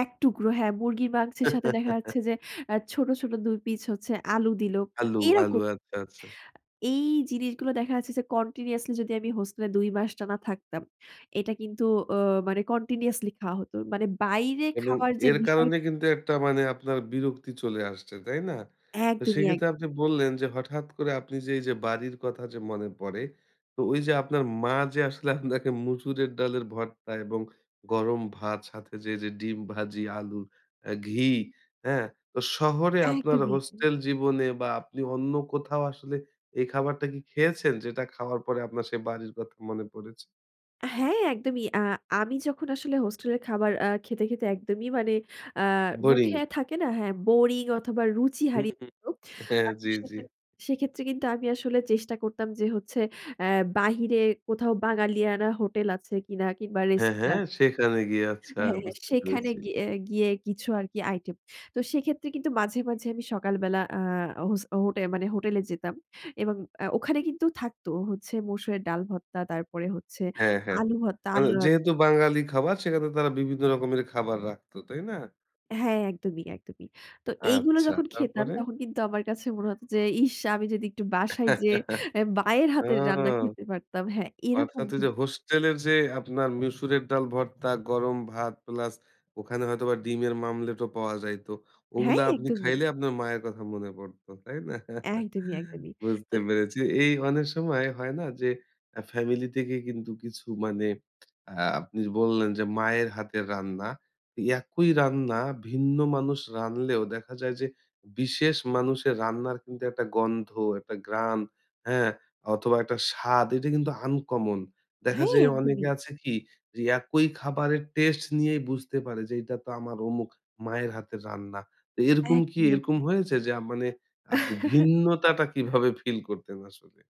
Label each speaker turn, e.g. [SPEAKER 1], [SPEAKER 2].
[SPEAKER 1] ১ টুকরো হ্যাঁ, মুরগির মাংসের সাথে দেখা যাচ্ছে যে, এ ছোট, ছোট ২ পিস হচ্ছে আলু দিলো। তো
[SPEAKER 2] আলু, আলু।
[SPEAKER 1] এরকম
[SPEAKER 2] আচ্ছা, আচ্ছা।
[SPEAKER 1] এই জিনিসগুলো দেখা যাচ্ছে যে continuously যদি আমি হোস্টেলে ২ মাস টানা থাকতাম। এটা কিন্তু অ মানে continuously খাওয়া হত। মানে বাইরে
[SPEAKER 2] এবং
[SPEAKER 1] খাওয়ার যে
[SPEAKER 2] এর
[SPEAKER 1] বিষয়
[SPEAKER 2] কারণে কিন্তু একটা মানে আপনার বিরক্তি চলে আসছে, তাই না? তো
[SPEAKER 1] একদমই,
[SPEAKER 2] সেক্ষেত্রে আপনি
[SPEAKER 1] একদমই।
[SPEAKER 2] বললেন যে হঠাৎ করে আপনি যে এই যে বাড়ির কথা যে মনে পড়ে। তো ওই যে আপনার মা যে আসলে আপনাকে মসুরের ডালের ভর্তা এবং গরম ভাত সাথে যে এই যে ডিম ভাজি, আলু, আ ঘি, হ্যাঁ? তো শহরে আপনার
[SPEAKER 1] একদমই, একদমই।
[SPEAKER 2] হোস্টেল জীবনে বা আপনি অন্য কোথাও আসলে এই খাবারটা কি খেয়েছেন? যেটা খাওয়ার পরে আপনার সেই বাড়ির কথা মনে পড়েছে?
[SPEAKER 1] হ্যাঁ, একদমই। আ আমি যখন আসলে হোস্টেল এর খাবার আ খেতে, খেতে একদমই। মানে আ
[SPEAKER 2] বোরিং।
[SPEAKER 1] মুখে থাকে না? হ্যাঁ, বোরিং অথবা রুচি
[SPEAKER 2] হুম,
[SPEAKER 1] হারিয়ে
[SPEAKER 2] হুম,
[SPEAKER 1] যেত।
[SPEAKER 2] হ্যাঁ,
[SPEAKER 1] আ তো
[SPEAKER 2] জ্বী, জ্বী।
[SPEAKER 1] সেখে সেক্ষেত্রে কিন্তু আমি আসলে চেষ্টা করতাম। যে হচ্ছে এ বাহিরে কোথাও বাঙালিয়ানা হোটেল আছে কিনা কিংবা
[SPEAKER 2] হ্যাঁ,
[SPEAKER 1] রেস্তা
[SPEAKER 2] হ্যাঁ, সেখানে গিয়ে আচ্ছা,
[SPEAKER 1] হ্যাঁ, হ্যাঁ,
[SPEAKER 2] বুঝতে
[SPEAKER 1] সেখানে
[SPEAKER 2] পেরেছি।
[SPEAKER 1] গিয়ে গিয়ে কিছু আর কি আইটেম। তো সেক্ষেত্রে কিন্তু মাঝে, মাঝে আমি সকাল বেলা আ হোস হোটে মানে হোটেলে যেতাম এবং আ ওখানে কিন্তু থাকত হচ্ছে মসুরের ডাল ভর্তা, তারপরে হচ্ছে
[SPEAKER 2] হ্যাঁ, হ্যাঁ।
[SPEAKER 1] আলু ভর্তা,
[SPEAKER 2] মানে
[SPEAKER 1] আলু অ
[SPEAKER 2] যেহেতু বাঙালি খাবার। সেখানে তারা বিভিন্ন রকমের খাবার রাখত। তাই না?
[SPEAKER 1] হ্যাঁ, একদমই, একদমই। তো এইগুলো
[SPEAKER 2] আচ্ছা,
[SPEAKER 1] যখন খেতাম
[SPEAKER 2] তারপরে?
[SPEAKER 1] তখন কিন্তু আমার কাছে মনে হত যে, "ইশ! আমি যদি একটু বাসায় যেয়ে এ মায়ের
[SPEAKER 2] ও!
[SPEAKER 1] হাতের রান্না খেতে পারতাম।" হ্যাঁ, এরকম
[SPEAKER 2] অর্থাৎ ওই
[SPEAKER 1] কিন্তু
[SPEAKER 2] যে হোস্টেলের যে আপনার মসুরের ডাল ভর্তা, গরম ভাত প্লাস ওখানে হয়তো বা ডিমের মামলেটও পাওয়া যাইত।
[SPEAKER 1] হ্যাঁ,
[SPEAKER 2] ওগুলা আপনি
[SPEAKER 1] একদমই।
[SPEAKER 2] খাইলে আপনার মায়ের কথা মনে পড়ত। তাই না?
[SPEAKER 1] একদমই, একদমই। তো
[SPEAKER 2] বুঝতে পেরেছি। এই অনেক সময়, হয় না? যে আ ফ্যামিলি থেকে কিন্তু কিছু মানে আ আপনি বললেন যে মায়ের হাতের রান্না। একই রান্না ভিন্ন মানুষ রানলেও দেখা যায় যে বিশেষ মানুষের রান্নার কিন্তু একটা গন্ধ, একটা ঘ্রান, হ্যাঁ? অথবা একটা স্বাদ, এটা কিন্তু আনকমন। দেখা
[SPEAKER 1] হ্যাঁ,
[SPEAKER 2] যায় অনেকে
[SPEAKER 1] একদমই।
[SPEAKER 2] আছে কি, যে একই খাবারের টেস্ট নিয়েই বুঝতে পারে যে, "এটা তো আমার অমুক মায়ের হাতের রান্না।" তো এরকম কি
[SPEAKER 1] একদমই,
[SPEAKER 2] এরকম
[SPEAKER 1] একদমই।
[SPEAKER 2] হয়েছে? যে আ মানে আপনি ভিন্নতাটা কীভাবে ফিল করতেন আসলে?